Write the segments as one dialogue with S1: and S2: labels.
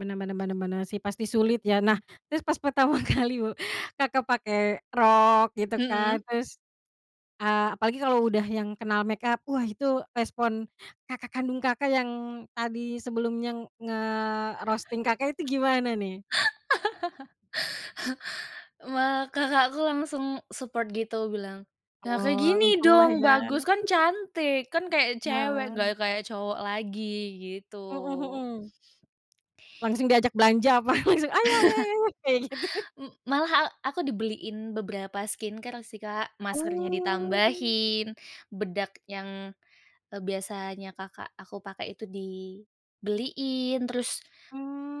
S1: Benar benar benar benar, sih, pasti sulit, ya. Nah,
S2: Mhm.
S1: terus pas pertama kali bu Kakak pakai rok gitu kan,
S2: Mhm.
S1: terus, eee, apalagi kalau udah yang kenal makeup, wah itu respon kakak kandung Kakak yang tadi sebelumnya nge-roasting Kakak itu gimana, nih?
S2: Malah kakakku langsung support gitu bilang, "Nah, kayak
S1: Oh,
S2: gini
S1: untunglah,
S2: dong,
S1: ya.
S2: bagus! Kan, cantik. Kan, kayak cewek,
S1: Ah.
S2: nggak kayak cowok lagi," gitu.
S1: Mhm mhm. Langsung diajak belanja apa langsung, "Ayo ayo ayo!" Kayak, gitu?
S2: M malah a aku dibeliin beberapa skincare sih, Kak. Maskernya
S1: Oh.
S2: ditambahin, bedak yang, eee, biasanya kakak aku pakai itu dibeliin. Terus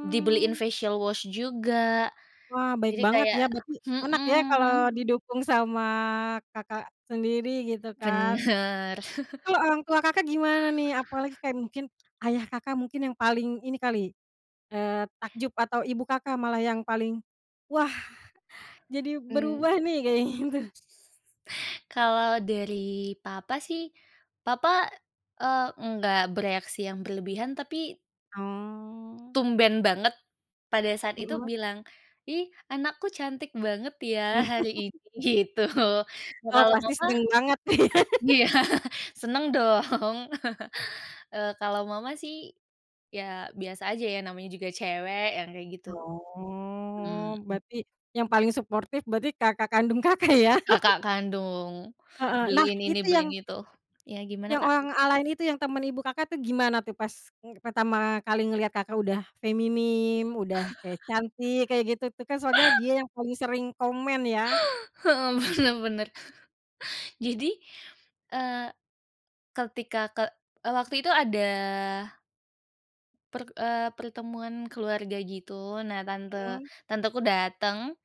S2: dibeliin facial wash juga.
S1: Wah, baik
S2: Jadi,
S1: banget,
S2: kayak
S1: ya. Berarti enak ya kalau
S2: mhm.
S1: didukung sama kakak sendiri gitu, kan.
S2: Benar.
S1: Kalau orang tua Kakak gimana, nih? Apalagi kayak mungkin ayah Kakak mungkin yang paling ini kali, eee, takjub atau ibu Kakak malah yang paling, "Wah, jadi
S2: Mmm.
S1: berubah, nih." kayak gitu?
S2: Mmm. Kalau dari papa, sih, papa, eee, enggak bereaksi yang berlebihan tapi
S1: Oh.
S2: tumben banget pada saat itu
S1: Mhm.
S2: bilang, "Ih, anakku cantik banget ya hari ini," gitu. Nah,
S1: Oh,
S2: kalau
S1: pasti
S2: mamah
S1: seneng banget nih ya.
S2: Iya, seneng dong. Eee, kalau mama, sih, ya, biasa aja ya. Namanya juga cewek yang kayak gitu.
S1: Oh,
S2: Mmm.
S1: berarti yang paling suportif berarti kakak kandung Kakak, ya?
S2: Kakak kandung.
S1: Heeh. Nah
S2: Beliin ini,
S1: itu yang
S2: beliin itu. Iya, gimana,
S1: yang
S2: Kak?
S1: orang a lain itu yang temen ibu Kakak tuh gimana tuh pas, eee, pertama kali ngeliat Kakak udah feminim, udah kayak cantik, kayak gitu tuh kan. Soalnya dia yang paling sering komen, ya.
S2: Mhm, benar benar. Jadi, eee, ketika ke eee, waktu itu ada perk eee, pertemuan keluarga gitu. Nah, tante
S1: Mmm.
S2: tanteku dateng.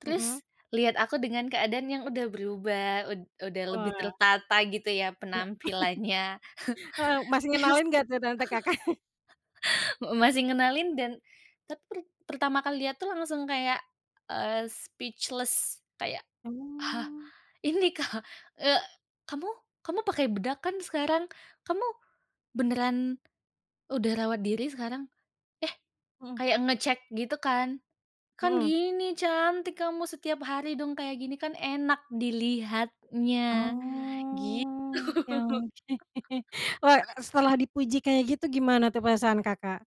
S2: Terus
S1: Mhm.
S2: liat aku dengan keadaan yang udah berubah, ud udah lebih
S1: Wah.
S2: tertata gitu ya
S1: Ga
S2: penampilannya.
S1: heeh, masih
S2: Terus,
S1: ngenalin nggak tuh tante Kakak?
S2: m masih ngenalin dan tapi per pertama kali liat tuh langsung kayak, eee, speechless kayak, "Hah,
S1: Mmm.
S2: ini ka eee kamu kamu pakai bedak kan sekarang? Kamu beneran udah rawat diri sekarang? Eh"
S1: Mhm.
S2: kayak ngecek gitu, kan, "Kan,
S1: Mhm.
S2: gini cantik kamu setiap hari dong kayak gini kan enak dilihatnya," gitu.
S1: Oh, oke oke. Wah, setelah dipuji kayak gitu gimana tuh perasaan, Kakak?